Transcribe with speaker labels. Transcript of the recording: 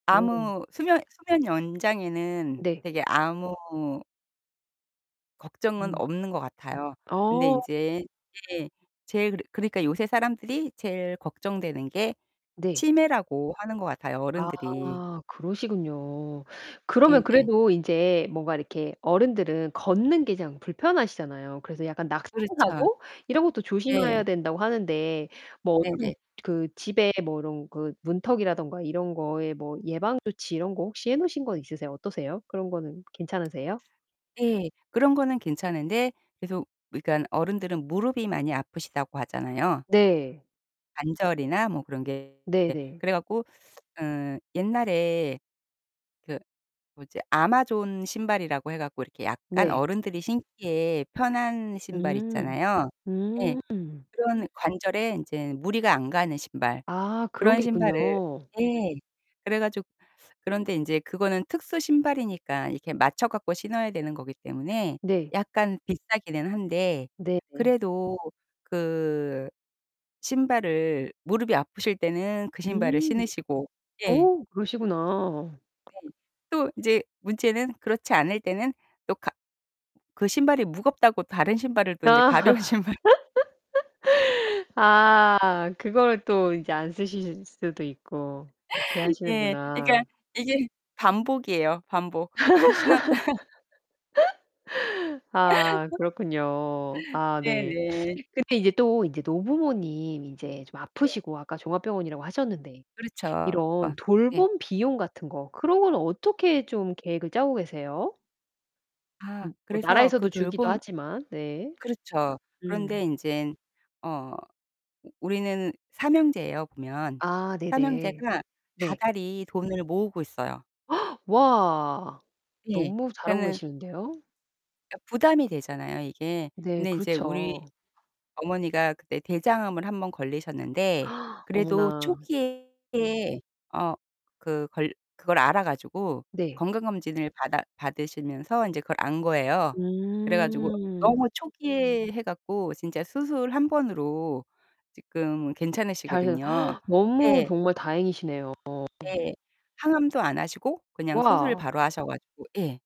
Speaker 1: 오.
Speaker 2: 아무 수면 수면 연장에는
Speaker 1: 네.
Speaker 2: 되게 아무 걱정은
Speaker 1: 음.
Speaker 2: 없는 것 같아요. 근데
Speaker 1: 어.
Speaker 2: 인제 예 제일 그러 그러니까 요새 사람들이 제일 걱정되는 게
Speaker 1: 네.
Speaker 2: 치매라고 하는 거 같아요 어른들이.
Speaker 1: 아 그러시군요. 그러면
Speaker 2: 네네.
Speaker 1: 그래도 인제 뭔가 이렇게 어른들은 걷는 게 그냥 불편하시잖아요. 그래서 약간 낙상
Speaker 2: 그렇죠.
Speaker 1: 사고 이런 것도 조심해야
Speaker 2: 네.
Speaker 1: 된다고 하는데 뭐 어떤
Speaker 2: 네네.
Speaker 1: 그 집에 뭐 이런 그 문턱이라든가 이런 거에 뭐 예방조치 이런 거 혹시 해 놓으신 거 있으세요? 어떠세요? 그런 거는 괜찮으세요?
Speaker 2: 네. 그런 거는 괜찮은데 계속 그니깐 어른들은 무릎이 많이 아프시다고 하잖아요.
Speaker 1: 네.
Speaker 2: 관절이나 뭐 그런 게 예.
Speaker 1: 네네.
Speaker 2: 그래 갖고 어 옛날에 그 뭐지 아마존 신발이라고 해 갖고 이렇게 약간
Speaker 1: 네.
Speaker 2: 어른들이 신기에 편한 신발
Speaker 1: 음.
Speaker 2: 있잖아요. 예.
Speaker 1: 음.
Speaker 2: 그런 관절에 인제는 무리가 안 가는 신발.
Speaker 1: 아 그런
Speaker 2: 그런
Speaker 1: 게
Speaker 2: 신발을
Speaker 1: 있군요.
Speaker 2: 예. 그래 가지 그런데 이제 그거는 특수 신발이니까 이렇게 맞춰갖 고 신어야 되는 거기 때문에
Speaker 1: 네.
Speaker 2: 약간 비싸기는 한데
Speaker 1: 네 네.
Speaker 2: 그래도 그 신발을 무릎이 아프실 때는 그 신발을
Speaker 1: 음.
Speaker 2: 신으시고 예.
Speaker 1: 어, 그러시구나.
Speaker 2: 네. 또 이제 문제는 그렇지 않을 때는 또 가 그 신발이 무겁다고 다른 신발을 또 인제
Speaker 1: 아.
Speaker 2: 가벼운 신발
Speaker 1: 아 그걸 또 이제 안 쓰실 수도 있고 이렇게
Speaker 2: 예. 그러니까
Speaker 1: 하시는구나.
Speaker 2: 이게 반복이에요, 반복. 신었다
Speaker 1: 아 그렇군요. 아
Speaker 2: 네
Speaker 1: 네.
Speaker 2: 네.
Speaker 1: 근데 이제 또 이제 노부모님 이제 좀
Speaker 2: 네.
Speaker 1: 아프시고 아까 종합병원이라고 하셨는데
Speaker 2: 그렇죠.
Speaker 1: 이런
Speaker 2: [unintelligible] 네.
Speaker 1: 돌봄 비용 같은 거 그런 거는 어떻게 좀 계획을 짜고 계세요?
Speaker 2: 아,
Speaker 1: 음 뭐
Speaker 2: 그래서
Speaker 1: 나라에서도
Speaker 2: 그
Speaker 1: 주기도
Speaker 2: 돌봄
Speaker 1: 하지만 네.
Speaker 2: 그렇죠. 그런데
Speaker 1: 음.
Speaker 2: 인제는 어 우리는 3 형제에요 보면.
Speaker 1: 아
Speaker 2: 3
Speaker 1: 네네.
Speaker 2: 형제가
Speaker 1: 네.
Speaker 2: 다달이 돈을 모으고 있어요.
Speaker 1: 와.
Speaker 2: 예.
Speaker 1: 너무 잘하고
Speaker 2: 그러니까는
Speaker 1: 계시는데요.
Speaker 2: 그러니까 부담이 되잖아요 이게.
Speaker 1: 네,
Speaker 2: 근데 이제 우리
Speaker 1: 그렇죠.
Speaker 2: 어머니가 그때 대장암을 1 번 걸리셨는데 그래도
Speaker 1: 어머나.
Speaker 2: 초기에 어 그 걸 그걸 알아 가지고
Speaker 1: 네.
Speaker 2: 건강검진을 받아 받으시면서 이제 그걸 안 거예요. 그래 가지고
Speaker 1: 음.
Speaker 2: 너무 초기에 해 갖고 진짜 수술 1 번으로 지금
Speaker 1: 잘하셔
Speaker 2: 괜찮으시거든요.
Speaker 1: 너무
Speaker 2: 예.
Speaker 1: 정말 다행이시네요.
Speaker 2: 예. 항암도 안 하시고 그냥 수술
Speaker 1: 와.
Speaker 2: 바로 하셔 가지고 예.